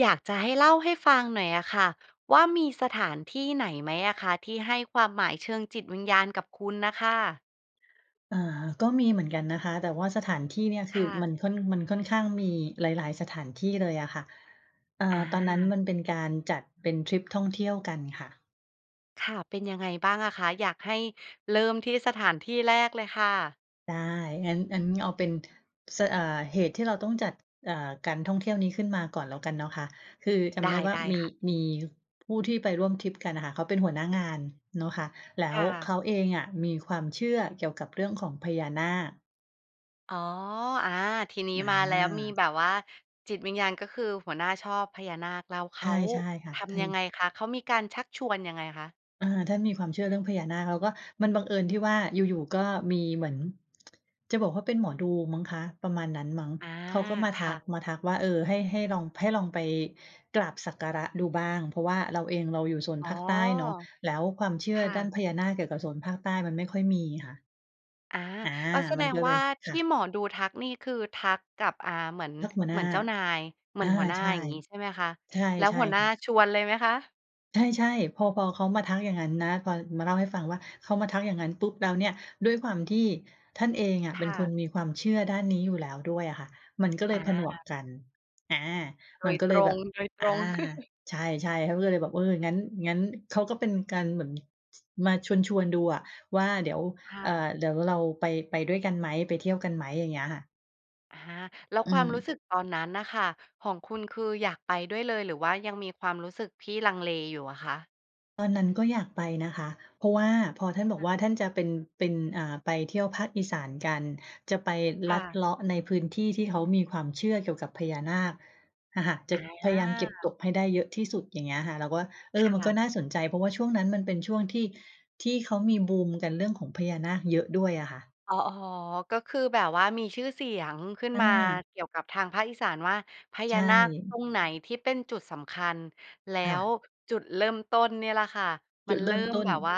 อยากจะให้เล่าให้ฟังหน่อยอะค่ะ ว่ามีสถานที่ไหนไหมอะคะ? ที่ให้ความหมายเชิงจิตวิญญาณกับคุณน่ะค่ะ? อา ก็มีเหมือนกันนะคะ แต่ว่าสถานที่เนี่ยคคือ่มะ ันค่อน มันค่อนข้างมีหลาย ๆ สถานที่เลยอะค่ะ เอ่ออ ตอนนั้นา มันเป็นการจัดเป็นทริปท่องเที่ยวกันค่ะ ค่ะ เป็นยังไงบ้างอะคะ? อยากให้เริ่มที่สถานที่แรกเลยค่ะ ได้ งั้น งั้นเอาเป็น สะ เอ่อ เหตุที่เราต้องจัด อ่า การท่องเที่ยวนี้ขึ้นมาก่อนแล้วกันเนาะคะ คือจไำดได้้ ว่า ได้มี ค่ะ มี ผู้ที่ไปร่วมทริปกันน่ะค่ะ เขาเป็นหัวหน้างานเนาะคะ แล้ค่วเขะ าเองอะมีความเชื่อเกี่ยวกับเรื่องของพญานาค อ๋อ อา ทีนี้อมาแล้ว มีแบา บว่าจิตวิญญาณ ก็คือหัวหน้าชอบพญานาค แล้วเขใช่ าใช่ค่ะ ทท่าำยัน งไงคะ? เขามีการชักชวนยังไงคะ? อา ท่านมีความเชื่อเรื่องพญานาค แล้วก็มันบังเอิญที่ว่า อยู่ ๆ ก็มีเหมือน จะบอกว่า เป็นหมอดูมั้งคะ ประมาณนั้นมั้ง อา เขาก็มาคท่ัะ ก มาทักว่า เออ ให้ ให้ลอง ให้ลองไปกราบสักการะดูบ้าง เพราะว่าเราเองเราอยู่โซนอ๋อ ภาคใต้เนาะ แล้วความเชื่คอ่ด้านะ พญานาคเกี่ยวกับโซนภาคใต้ มันไม่ค่อยมีค่ะ อา อา ก็แสมดันงก็เวล่า ย ทค่ีะ ่หมอดูทักนี่คือทักกับ อ่า เหมือน ทักหัวหเนหม้ือา นเจ้านาย เหมืออนา หัวหน้า ใช่ อย่างงี้ ใช่ไหมคะ? ใช่ แล้วใช่หัวหน้าค่ะ ชวนเลยไหมคะ? ใช่ ๆ พอ พอเขามาทักอย่างงั้นนะ พอมาเล่าให้ฟังว่า เขามาทักอย่างงั้นปุ๊บแล้วเนี่ย ด้วยความที่ท่านเองอะคเป็น่คะ นมีความเชื่อด้านนี้อยู่แล้วด้วยอะค่ะ มันก็เลอยผนวา กกัน อา โดมันยก็ตเลยรแบง บ ๆ อา ใช่ ๆ เขาก็เลยไปบอก เออ งั้น งั้นเขาก็เป็นการเหมือน ส มาชวน ๆ ดูอะว่า "เดี๋ยว ค่เออ ะ เดี๋ยวเรา ไป ไปด้วยกันไหม? ไปเที่ยวกันไหม?" อย่างเงี้ยค่ะ อะฮะ แล้วอืความรู้ม สึกตอนนั้นน่ะค่ะของคุณคืออยากไปด้วยเลย หรือว่ายังมีความรู้สึกที่ลังเลอยู่อะคะ? ตอนนั้นก็อยากไปนะคะ เพราะว่าพอท่านบออกา ว่า ท่านจะเป็น เป็น อ่า ไปเที่ยวภาคอีสานกัน จะไปคล่ัดะ เลาะในพื้นที่ที่เขามีความเชื่อเกี่ยวกับพญานาค อะค่ะ จอะพยายามเก็บา ตบให้ได้เยอะที่สุด อย่างเงี้ยค่ะ เราก็ว่า เอคอ มัน่ก็ะ น่าสนใจ เพราะว่าช่วงนั้นมันเป็นช่วงที่ ที่เขามีบูมกันเรื่องของพญานาคเยอะด้วยอะค่ะ อ๋อ ๆ ก็คือแบบว่ามีชื่อเสียงขึ้นอมาา เกี่ยวกับทางภาคอีสานว่า พใญชานาคตร่ งไหนที่เป็นจุดสำคัญ? แล้ค่วะ จุดเริ่มต้นเนี่ยแหละค่ะ มจัุนดเเรริิ่่มมต้แน บบว่า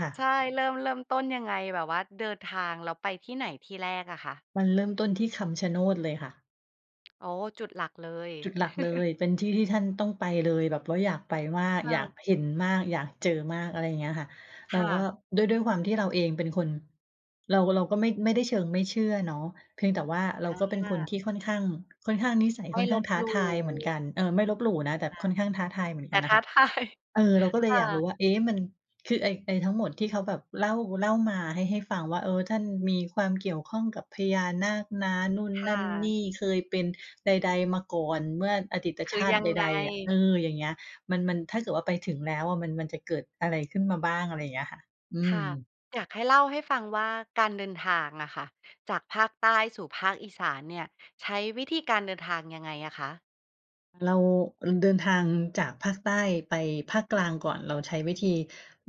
ค่ใชะ ่ เริ่ม เริ่มต้นยังไง? แบบว่าเดินทางแล้วไปที่ไหนที่แรกอะคะ? มันเริ่มต้นที่คำชะโนดเลยค่ะ อ๋อ จุดหลักเลย จุดหลักเลย เป็นที่ที่ท่านต้องไปเลย แบบว่าอยากไปมาก ค่อยาะ กเห็นมาก อยากเจอมาก อะไรอย่างเงี้ยค่ะ เครา่ก็ ะ ด้วย ด้วยความที่เราเองเป็นคน เรา เราก็ไม่ ไม่ได้เชิงไม่เชื่อเนาะ เพียงแต่ว่าเรอาก็เป็นคนา ที่ ค่อนข้าง ค่อนข้างนิสัยไมค่่อนขล้างบท้าหลูท่ ายเหมือนกัน เออ ไม่ลบหลู่นคะ ่ะ แต่ค่อนข้างท้าทายเหมือนแตกั่ นนท่ะ้าค่ะ ทาย เออ เราก็เลคย่อยากรู้ะ ว่า เอ๊ะ มัน คือ ไอ้ ไอ้ทั้งหมดที่เขาแบบ เล่า เล่ามา ให้ ให้ฟังว่า เออ ท่านมีความเกี่ยวข้องกับพญานาคนะ นู่นค่นั่นนะ ี่ เคยเป็นใด ๆ มาก่อนเมื่ออดีตคชือาตยิัใงไง? ด ๆ อะ เออ อย่างเงี้ย มัน มันถ้าเกิดว่าไปถึงแล้วอะ มัน มันจะเกิดอะไรขึ้นมาบ้าง อะไรอย่างเงี้ยค่ะ อืค่ม ะ อยากให้เล่าให้ฟังว่า การเดินทางอะค่ะ จากภาคใต้สู่ภาคอีสานเนี่ยใช้วิธีการเดินทางยังไงอะคะ? เรา เดินทางจากภาคใต้ไปภาคกลางก่อน เราใช้วิธี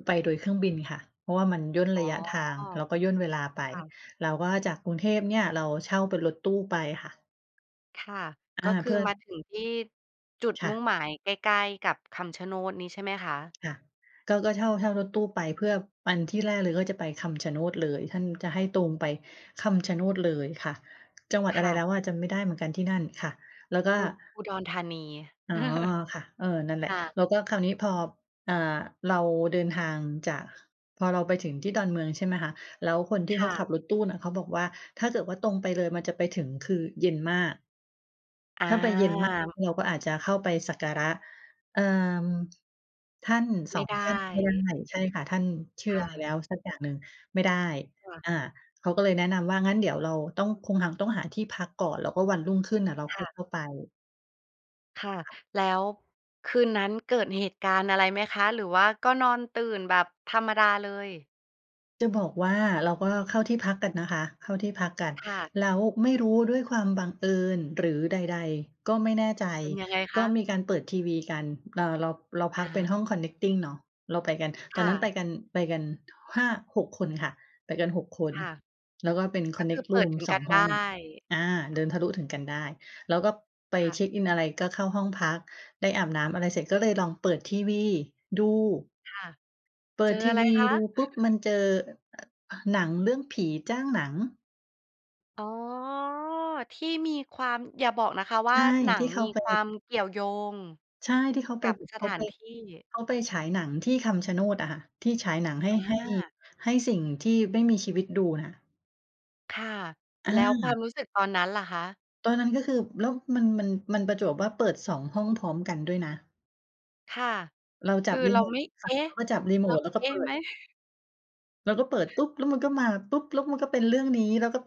ไปโดยเครื่องบินค่ะ เพราะว่ามันย่นอ๋รอ ะยะทาง แล้วก็ย่นเวลาไป ค่ะ แล้วก็จากกรุงเทพเนี่ยเราเช่าเป็นรถตู้ไปค่ะ ค่ะ อกา ็คเืพอื่อ มาถึงที่ จุดคมุ่่งะ หมายใกล้ ๆ กับคำชะโนดนี้ใช่ไหมคะ? ค่ะ ก็ ก็ เช่า เช่ารถตู้ไป เพื่อ ไปที่แรกเลยก็จะไปคำชะโนดเลย ท่านจะให้ตรงไปคำชะโนดเลยค่ะ จังหวัดคอะไร่แะ ล้วอะ จำไม่ได้เหมือนกัน ที่นั่นค่ะ แล้วก็ อุ อุดรธานี อ๋อ ค่ะ เออ นั่นแหลคะ ่ะ แล้วก็คราวนี้พอ อ่า เราเดินทางจาก พอเราไปถึงที่ดอนเมือง ใช่ไหมคะ แล้วคนที่คเข่าะ ขับรถตู้น่ะ เขาบอกว่าถ้าเกิดว่าตรงไปเลยมันจะไปถึงคือเย็นมาก อถ้าไปเา ย็นมากเราก็อาจจะเข้าไปสักการะ เอ่อ ท่าน ไสม่อง ไดท่านไม่ได้ ้ ใช่ค่ะ ท่าน ชื่คอ่อะไรแล้ะ วสักอย่างหนึ่ง ไม่ได้ ค่ะ อา เขาก็เลยแนะนำว่า งั้นเดี๋ยวเราต้อง คงฮัง ต้องหาที่พักก่อน แล้วก็วันรุ่งขึ้นน่ะเราคค่่อยะ เข้าไป ค่ะ แล้วคืนนั้นเกิดเหตุการณ์อะไรไหมคะ? หรือว่าก็นอนตื่นแบบธรรมดาเลย? จะบอกว่า เราก็เข้าที่พักกันนะคะ เข้าที่พักกัน ค่ะ แล้วไม่รู้ด้วยความบังเอิญ หรือใด ๆ ก็ไม่แน่ใจ เป็นยังไงคก็ะ? มีการเปิดทีวีกัน เอ่อ เรา เราพอักเป็นา ห้อง connecting เนาะ เราไปกัน ตคอน่นั้นไปะ กัน ไปกัน 5 6 คนค่ะ ไปกัน 6 คน ค่ะ แล้ว ก็เป็น ก็คือconnect เปิดroom ถึงสกอัง นหไ้ด้ อง อา เดินทะลุถึงกันได้ แล้วก็ไปค่เะ ช็กอินอะไร ก็เข้าห้องพัก ได้อาบน้ำอะไรเสร็จ ก็เลยลองเปิดทีวีดู ค่ะ เปิเจดอทอีะไรวีคะ? ดูปุ๊บ มันเจอ เอ่อ หนังเรื่องผีจ้างหนัง อ๋อ ที่มีความ อย่าบอกนะคะวใช่า ่ หนัทงี่เขมีาไป ความเกี่ยวโยงใช่ ที่เขาไกป ับสเขถาาไป นที่ เขาไปฉายหนังที่คำชะโนดอะค่ะ ที่ฉายหนังให้ ให้ อา ให้สิ่งที่ไม่มีชีวิตดูน่ะ ค่ะ อแล้วความา รู้สึกตอนนั้นล่ะคะ? ตอนนั้นก็คือ แล้วมัน มัน มันประจวบว่า เปิด 2 ห้องพร้อมกันด้วยนะ ค่ะ เราคจัือบริเราโมไตม่ คเ่อะ ๊ะ เขาก็จับริโมเรา ต แล้วกเ็อ๊เปะ ิไหด ม? เราก็เปิดปุ๊บ แล้วมันก็มาปุ๊บ แล้วมันก็เป็นเรื่องนี้ แล้วก็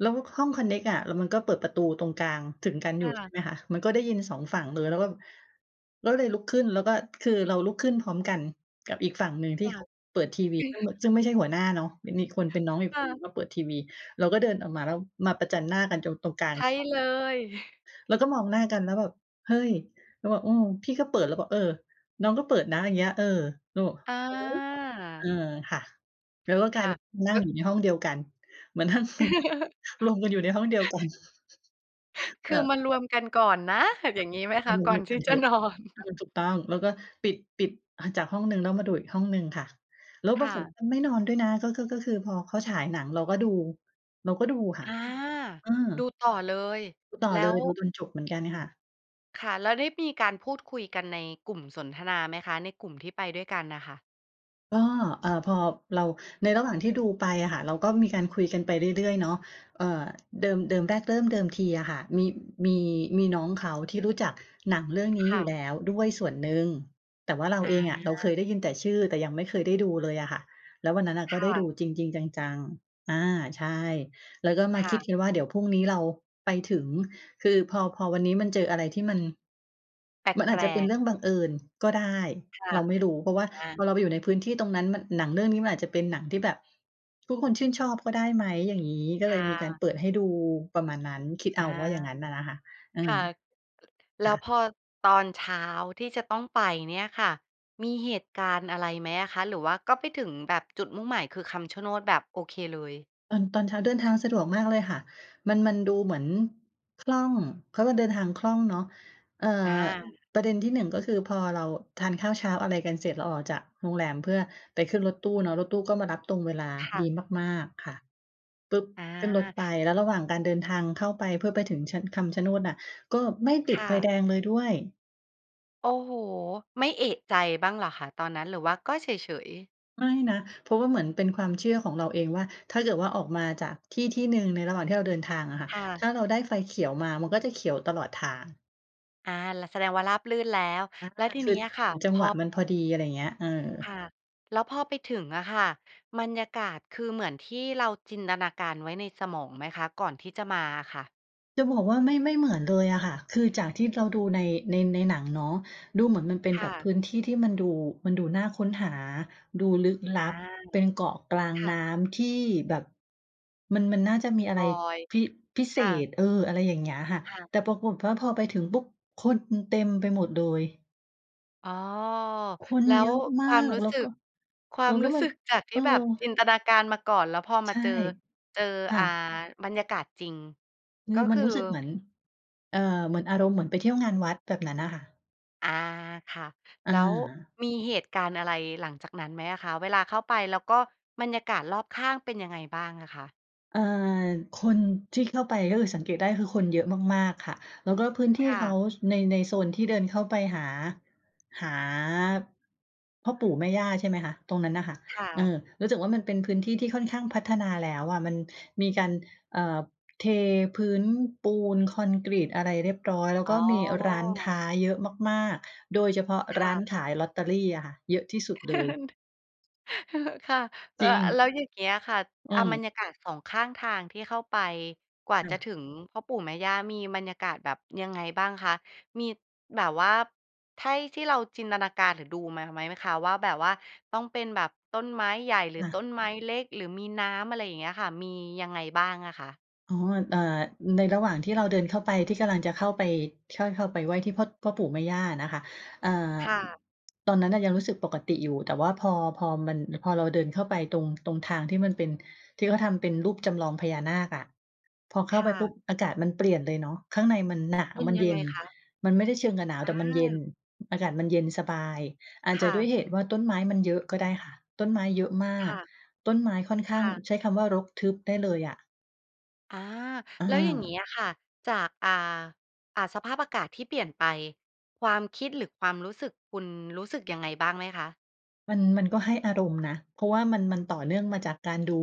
แล้วห้องคอนเน็กอะ แล้วมันก็เปิดประตูตรงกลางถึงกันคอยู่่ ใชะ ่ไหมคะ มันก็ได้ยิน 2 ฝั่งเลย เราก็ เราก็เลยลุกขึ้น แล้วก็ คือเราลุกขึ้นพร้อมกันกับอีกฝั่งหนึ่งทคี่่เะ ขาเปิดทีวี ซึ่ง ซึ่งไม่ใช่หัวหน้าเนาะ มันมีคนเป็นน้องอีกค่คนหนึ่ะ งก็เปิดทีวี เราก็เดินออกมาแล้วมาประจันหน้ากัน จง ตรงกลาใงช่ห้องเลอะ ย เราก็มองหน้ากันแล้วแบบ "เฮ้ย" เราบอก "อืม พี่ก็เปิด" แล้วบอก "เออ น้องก็เปิดนะ" อย่างเงี้ย เออ เราบอก อ"หือ" เออ า ค่ะ แล้วก็กคลาย่ะ เป็น นัเอ่๊งะ อยู่ในห้องเดียวกัน เหมือนนั่ง รวมกันอยู่ในห้องเดียวกัน คเอือ อมารวมกันก่อนนะ อย่างงี้ไหมกค็ะ? เลย ก่ใช่ ๆ มาดอูด้วนยทกีั่นเจถะ อะ นอน อือ ถูกต้อง แล้วก็ ปิด ปิด อ่า จากห้องหนึ่ง แล้วมาดูอีกห้องหนึ่งค่ะ แล้วคปร่ากฏะ ก็ไม่นอนด้วยนะ ก็คือ ก็คือพอเขาฉายหนัง เราก็ดู เราก็ดูค่อะ า อือ ดูต่อเลย ดูต่แอล้เลว ย ดูจนจบเหมือนกันค่ะ ค่ะ แล้วได้มีการพูดคุยกันในกลุ่มสนทนาไหมคะ ในกลุ่มที่ไปด้วยกันน่ะค่ะ? ก็ เออ พอเรา ในระหว่างที่ดูไปอะค่ะ เราก็มีการคุยกันไปเรื่อย ๆ เนาะ เอ่อ เดิม เดิม แรกเริ่มเดิมทีอะค่ะ มี มี มีน้องเขาที่รู้จักหนังเรื่องนีค้อยู่่ะ แล้วด้วยส่วนหนึ่ง แต่ว่าเราอา เองอะ เราเคยได้ยินแต่ชื่อ แต่ยังไม่เคยได้ดูเลยอะค่ะ แล้ววันนั้นน่ะคก็ไ่ด้ดูะ จริง ๆ จัง ๆ อ่า ใช่ แล้วก็มคา่คิะ ดกันว่า เดี๋ยวพรุ่งนี้เราไปถึง คือพอ พอวันนี้มันเจออะไรที่มัน แมันอปาจลจะเป็นก ๆ เรื่องบังเอิญก็ได้ ค่ะ เราไม่รู้เพราะว่าอา พอเราไปอยู่ในพื้นที่ตรงนั้นมัน หนังเรื่องนี้มันอาจจะเป็นหนังที่แบบทุกคนชื่นชอบก็ได้ไหม อย่างนี้ ก็คเล่ยมีการะ เปิดให้ดู ประมาณนั้น คิดอเา อาว่าอย่างนั้นน่ะนะค่ะ อืคม ่ะ ล แลค้่วะ พอตอนเช้าที่จะต้องไปเนี่ยค่ะ มีเหตุการณ์อะไรไหมอะคะ หรือว่าก็ไปถึงแบบจุดมุ่งหมายคือคำชะโนด แบบโอเคเลย? ตอน ตอนเช้าเดินทางสะดวกมากเลยค่ะ มัน มันดูเหมือนคล่อง เขาก็เดินทางคล่องเนาะ เอ่ออ า ประเด็นที่หนึ่งก็คือพอเราทานข้าวเช้าอะไรกันเสร็จ เราออกจากโรงแรมเพื่อไปขึ้นรถตู้เนาะ รถตู้ก็มารับตรงเวลาค่ดีะ มาก ๆ ค่ะ ปุ๊บ! อขึ้นรถา ไป แล้วระหว่างการเดินทางเข้าไปเพื่อไปถึงชะ คำชะโนดน่ะ ก็ไม่ติคด่ไฟแะ ดงเลยด้วย โอ้โฮ! ไม่เอะใจบ้างเหรอคะตอนนั้น? หรือว่าก็เฉย ๆ? ไม่นะ เพราะว่าเหมือนเป็นความเชื่อของเราเองว่า ถ้าเกิดว่าออกมาจากที่ที่หนึ่งในระหว่างที่เราเดินทางอะค่ะ ค่ะ ถ้าเราได้ไฟเขียวมา มันก็จะเขียวตลอดทาง อา แล้วแสดงว่าราบรื่นแล้ว อา แล้วทีคนืี้อ อะค่ะ จัพงหอ วะมันพอดี อะไรอย่างเงี้ย เออ ค่ะ แล้วพอไปถึงอะค่ะ บรรยากาศ คือเหมือนที่เราจินตนาการไว้ในสมองไหมคะ ก่อนที่จะมาอะค่ะ? จะบอกว่า ไม่ ไม่เหมือนเลยอะค่ะ คือจากที่เราดูใน ใน ในหนังเนาะ ดูเหมือนมันเป็นคแบ่บพะ ื้นที่ที่มันดู มันดูน่าค้นหา ดูลึกลอัา บ เป็นเกาะกลางค่น้ะ ำที่แบบ มัน มันน่าจะมีอะไลร อย พิ พิเคศ่ษ ะ เออ อะไรอย่างเงี้ยค่ะ ค่ะ แต่ปรากฏว่า พอไปถึงปุ๊บ คน อ เต็มไปหมดเลย อ้อ คนแล้เยวอะมคาวามรก ู้แล้สวึกก ็ ควาแล้มวกร็ู้มัสึน กจากทเอี่อ แบบจินตนาการมาก่อน แล้วพอมใาช่ เจอ เจอ ค่อ่า ะ บรรยากาศจริง คกื็ อมคันือ? รู้สึกเหมือน เอ่อ เหมือนอารมณ์เหมือนไปเที่ยวงานวัดแบบนั้นน่ะค่ะ อา ค่ะ อแล้วา มีเหตุการณ์อะไร หลังจากนั้นไหมอะคะ เวลาเข้าไปแล้วก็บรรยากาศรอบข้างเป็นยังไงบ้างอะคะ? เออ คนที่เข้าไป ก็คือสังเกตได้คือคนเยอะมาก ๆ ค่ะ แล้วก็พื้นทคี่่เขา ะ ช ใน ในโซนที่เดินเข้าไปหา หาพ่อปู่แม่ย่า ใช่ไหมคะ ตรงนั้นน่ะค่ะ ค่เอะ อ รู้สึกว่า มันเป็นพื้นที่ ๆ ค่อนข้างพัฒนาแล้วอะ มันมีการ เออ เทพื้นปูน คอนกรีตอะไรเรียบร้อย แล้วอ๋กอ ็มีร้านค้าเยอะมาก ๆ โดยเฉพาะคร้่านะ ขายลอตเตอรี่อะค่ะ เยอะที่สุดเลย ค่ะ แจล ริแลง ้วอย่างเงี้ยค่ะ อือะ บรม รยากาศ 2 ข้างทางที่เข้าไปกว่าค่จะะ ถึงพ่อปู่แม่ย่า มีบรรยากาศแบบยังไงบ้างคะ มี แบบว่าให้ที่เราจินตนาการหรือดูมาไหมคะ ว่าแบบว่าต้องเป็นแบบต้นไม้ใหญ่ หรืออต้า นไม้เล็กหรือมีน้ำ อะไรอย่างเงี้ยค่ะ มียังไงบ้างอะคะ? อ๋อ เออ ในระหว่างที่เราเดินเข้าไปที่กำลังจะเข้าไป เข้า เข้าไปไหว้ที่พ่อ พ่อปู่แม่ย่านะคะ อ่า ค่ะ ตอนนั้นยังรู้สึกปกติอยู่ แต่ว่า พอ พอ มัน พอเราเดินเข้าไปตรง ตรงทางที่มันเป็น ที่เขาทำเป็นรูปจำลองพญานาคอะ พอเข้คา่ไปปุะ ๊บ อากาศมันเปลี่ยนเลยเนาะ ข้างในมันหนาเว ป็นมันยัเยง็ไงน คะ? มันไม่ได้เชิงกับหนาว อแต่มันเย็น า อากาศมันเย็นสบาย อาจคจะ่ด้วยะ เหตุว่า ต้นไม้มันเยอะก็ได้ค่ะ ต้นไม้เยอะมาคก ่ะ ต้นไม้ค่อนข้คาง่ะ ใช้คำว่า รกทึบได้เลยอะ อา อแล้วอย่างงีา ้อะค่ะ จาก อ่า อ่า สภาพอากาศที่เปลี่ยนไป ความคิดหรือความรู้สึก คุณรู้สึกยังไงบ้างไหมคะ? มัน มันก็ให้อารมณ์นะ เพราะว่ามัน มันต่อเนื่องมาจากการดู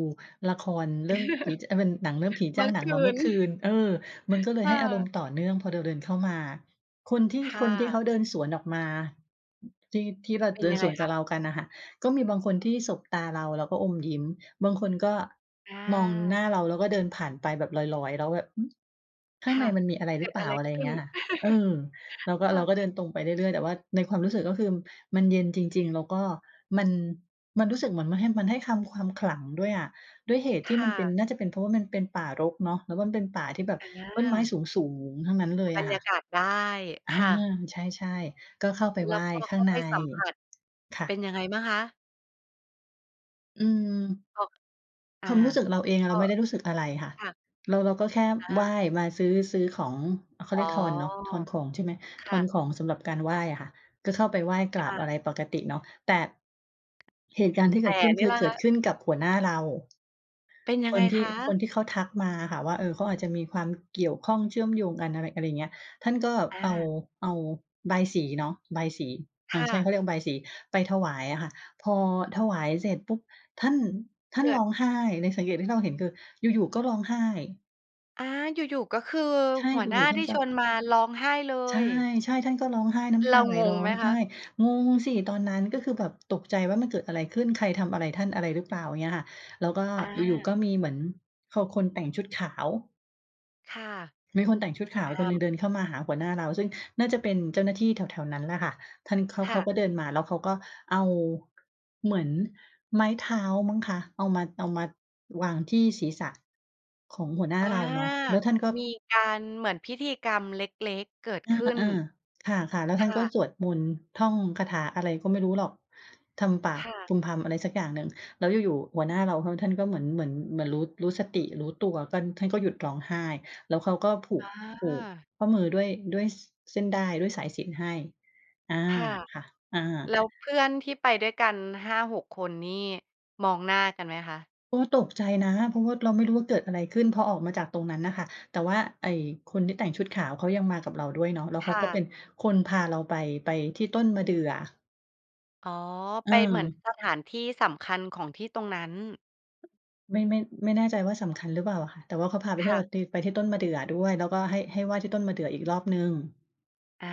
ละครเรื่องผี จ เออะ เป็นหนังเรื่องผีเมจื้่าองหนัคงมาืเมื่น อคืน เออ มันก็เลคย่ให้อารมะ ณ์ต่อเนื่อง พอเราเดินเข้ามา คนทีค่ ่คนที่เะ ขาเดินสวนออกมา อ ที่ ที่เรา เป็นเดิยนังไสงวนคกัะ? บเรากันน่ะค่ะ ก็มีบางคนที่สบตาเราแล้วก็อมยิ้ม บางคนก็อมองหา น้าเรา แล้วก็เดินผ่านไปแบบลอย ๆ แล้วแบบ หือ ข้าคงใ่นะ มันมีอะไรเกหริือดเปลอะ่า? ไรอะไรขอย่ึา้งเน? งี้ยค่ะ เออ เราก็ คเ่ระ าก็เดินตรงไปเรื่อย ๆ แต่ว่าในความรู้สึกก็คือมันเย็นจริง ๆ แล้วก็มัน มันรู้สึกเหมือนมันให้ มันให้คำ ความขลังด้วยอะ ด้วยเหตุคที่ม่ันเป็น ะ น่าจะเป็นเพราะว่ามันเป็นป่ารกเนาะ แล้วมันเป็นป่าที่แบบอต้นไม้า สูง ๆ ทั้งนั้นเลยบรอะรคย่ะ ากาศได้ อคา ่ะ ใช่ ๆ ก็เข้าไปแไลห้วว้พอขเข้้างาไใปน สัมผัส ค่เป็นะ ยังไงบ้างคะ? อืม อ็อก อา ความรู้สึกเราเองอกะเร็ าไม่ได้รู้สึกอะไรค่ะ ค่ะ เรา เราก็แค่อไหว้ า มาซื้อ ซื้อของ อ่า เขาอ๋เรีอ ยกทอนเนาะ ทอนของใช่ไหม คท่อนะ ของสำหรับการไหว้อะค่ะ ก็เข้าไปไหว้ กรคา่บอะ ะไรปกติเนาะ แต่ เหตุการณ์ที่แเตก่ิดขึ้นนคี่ือล่ะเกคิดะ? ขึ้นกับหัวหน้าเรา เป็นยัคงไงนทีค่ คะ? นที่เขาทักมาอะค่ะว่า เออ เขาอาจจะมีความเกี่ยวข้อง เชื่อมโยงกัน อะไร อะไรเงี้ย ท่านก็อเอา า เอาบายศรีเนาะ บายศรี อคา ่ใช่ เะ ขาเรียกว่า บายศรี ไปถวายอะค่ะ พอถวายเสร็จปุ๊บ ท่าน ท่าเนกิร้ด องไห้ ในสังเกตที่เราเห็นคืออยู่ ๆ ก็ร้องไห้ อา อยู่ ๆ ก็คือใช่ หัดวูหนอ้ยูา่ใชท่ี่เปลช่า? วนมาร้องไห้เลใช่ ย ใช่ ท่านก็ร้องไห้ น้เรำตาาไหล งรง้อไหมงคไหะ? ้ งงสิ! ตอนนั้นก็คือแบบตกใจว่า มันเกิดอะไรขึ้น ใครทำอะไรท่าน อะไรหรือเปล่า? อย่างเงี้ยค่ะ แล้วก็ออยู่ า ๆ ก็มีเหมือน ค คนแต่งชุดขาว ค่ะ มีคนแต่งชุดขาวฮคนาหนึ่งม เดินเข้ามาหาหัวหน้าเรา ซึ่งน่าจะเป็นเจ้าหน้าที่แถว ๆ นั้นแหละค่ะ ท่านเขา คเข่าะ ก็เดินมาแล้ว เขาก็เอา เหมือนไม้เท้ามั้งคะ เอามา เอามาวางที่ศีรษะ ของหัวหน้าอา เราเนาะ แล้วท่านก็ มีการเหมือนพิธีกรรมเล็ก ๆ เกิดอขึ้น า ๆ ค่ะ ๆ แล้วคท่าน่ก็ะ สวดมนต์ ท่องคาถาอะไรก็ไม่รู้หรอก ทำปาคก่ะ พึมพำ อะไรสักอย่างหนึ่ง แล้วอยู่ ๆ หัวหน้าเรา ท่านก็เหมือน เหมือน เหมือนรู้ รู้สติรู้ตัวกั้น ท่านก็หยุดร้องไห้ แล้วเขาก็ผูอก ผูกา ข้อมือด้วย ด้วย ส-เส้นด้าย ด้วยสายสิญจน์ให้ อา ค่ะ ค่ะ อา แล้วเพื่อนที่ไปด้วยกัน 5-6 คนนี่มองหน้ากันไหมคะ? เพราะว่าตกใจนะ เพราะว่าเราไม่รู้ว่าเกิดอะไรขึ้น พอออกมาจากตรงนั้นน่ะค่ะ แต่ว่าไอ้คนที่แต่งชุดขาวเขายังมากับเราด้วยเนาะ แล้วคเขา่ก็ะ เป็นคนพาเราไป ไปที่ต้นมะเดื่อ อ๋อ ไปเเหมือนออ สถานที่สำคัญของที่ตรงนั้น ไม่ ไม่ ไม่แน่ใจว่า สำคัญหรือเปล่าอะค่ะ แต่ว่าเขาพาไปคเที่ย่วกะ ับตี ไปที่ต้นมะเดื่อด้วย แล้วก็ให้ ให้ไหว้ที่ต้นมะเดื่ออีกรอบหนึ่ง อา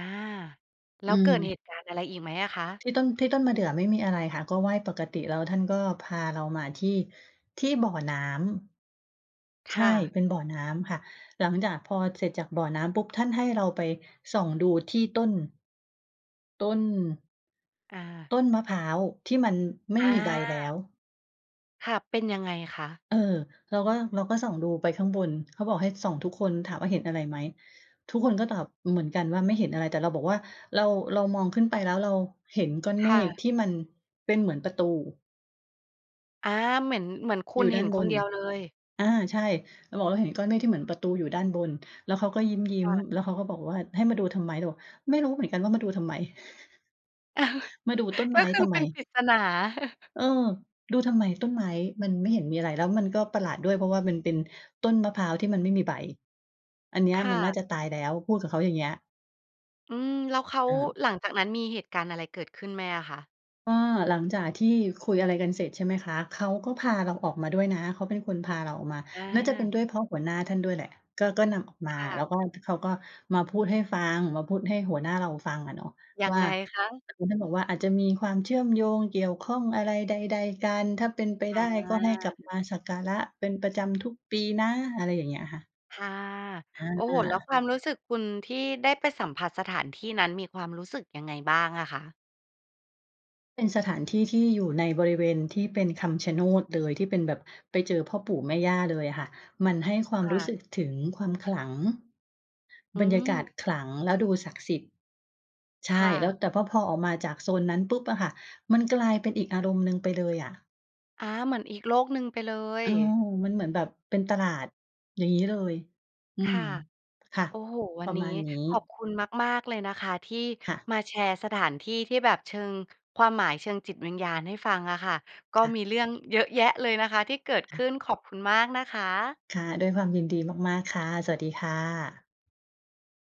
แล้อืวเกิดเหม ตุการณ์อะไรอีกไหมอะคะ? ที่ต้น ที่ต้นมะเดื่อไม่มีอะไรค่ะ ก็ไหว้ปกติ แล้วท่านก็พาเรามาที่ ที่บ่อน้คำ ใช่่ ะ เป็นบ่อน้ำค่ะ หลังจากพอเสร็จจากบ่อน้ำปุ๊บ ท่านให้เราไปส่องดูที่ต้น ต้น อา ต้นมะพร้าวที่มันไม่อมีใบแล้า ว ค่ะ เป็นยังไงคะ? เออ เราก็ เราก็ส่องดูไปข้างบน เขาบอกให้ส่องทุกคน ถามว่า "เห็นอะไรไหม?" ทุกคนก็ตอบเหมือนกันว่า "ไม่เห็นอะไร" แต่เราบอกว่า เรา เรามองขึ้นไป แล้วเราเห็นก้อนคเม่ฆะ ที่มันเป็นเหมือนประตู อา เหมือน เหมือนคุอยณู่เดห้็านนบคนน เดียวเลย อา ใช่ เราบอก "เราเห็นก้อนเมฆที่เหมือนประตูอยู่ด้านบน" แล้วเขาก็ยิค้ม ่ะ ๆ แล้วเขาก็บอกว่า "ให้มาดูทำไม?" เราบอก "ไม่รู้เหมือนกันว่า มาดูทำไม?" มาดูต้นกไม็้คือ ทำเไปม? ็นปริศนา "เออ ดูทำไมต้นไม้? มันไม่เห็นมีอะไร แล้วมันก็ประหลาดด้วย เพราะว่ามันเป็นต้นมะพร้าวที่มันไม่มีใบ อันเนี้คย่มันน่าะ จะตายแล้ว" พูดกับเขาอย่างเงี้ย อืม แล้วเขา อา หลังจากนั้นมีเหตุการณ์อะไรเกิดขึ้นไหมอะคะ? ก็หลังจากที่คุยอะไรกันเสร็จ ใช่ไหมคะ เขาก็พาเราออกมาด้วยนะ เขาเป็นคนพาเราออกมา อน่าจะเป็นา ด้วยเพราะหัวหน้าท่านด้วยแหละ ก็ ก็นำออกมา ค่แล้ะ วก็ เขาก็มาพูดให้ฟัง มาพูดให้หัวหน้าเราฟังอะเนาะยัวง่า ไงคะ? คือท่านบอกว่า "อาจจะมีความเชื่อมโยงเกี่ยวข้องอะไรใด ๆ กัน ถ้าเป็นไปไอด้ ก็ให้กลับา มาสักการะเป็นประจำทุกปีนะ" อะไรอย่างเงี้ยค่ะ ค่ะ อโอ้โฮ แล้วา ความรู้สึกคุณ ที่ได้ไปสัมผัสสถานที่นั้น มีความรู้สึกยังไงบ้างอะคะ? เป็นสถานที่ที่อยู่ในบริเวณที่เป็นคำชะโนดเลย ที่เป็นแบบไปเจอพ่อปู่แม่ย่าเลยอะค่ะ มันให้ความครู่้สะ ึกถึงความขลัง อืบรรยากาม ศขลัง แล้วดูศักดิ์สิทธิ์ ใชค่ ่แล้ว ะ แต่ พ พอออกมาจากโซนนั้นปุ๊บอะค่ะ มันกลายเป็นอีกอารมณ์หนึ่งไปเลยอะ อา เหมือนอีกโลกหนึ่งไปเลเย ออ มันเหมือนแบบเป็นตลาด อย่างงี้เลย อืคม ่ะ ค่ะ โอ้โฮ วัปรนะนีมา้ณนี้ ขอบคุณมาก ๆ เลยนะคะ ที่ค่ะ มาแชร์สถานที่ที่แบบเชิง ความหมายเชิงจิตวิญญาณให้ฟังอะค่ะ ก็ค่ะ มีเรื่องเยอะแยะเลยนะคะที่เกิดคข่ะ ึ้น ขอบคุณมากนะคะ ค่ะ ด้วยความยินดีมาก ๆ ค่ะ สวัสดีค่ะ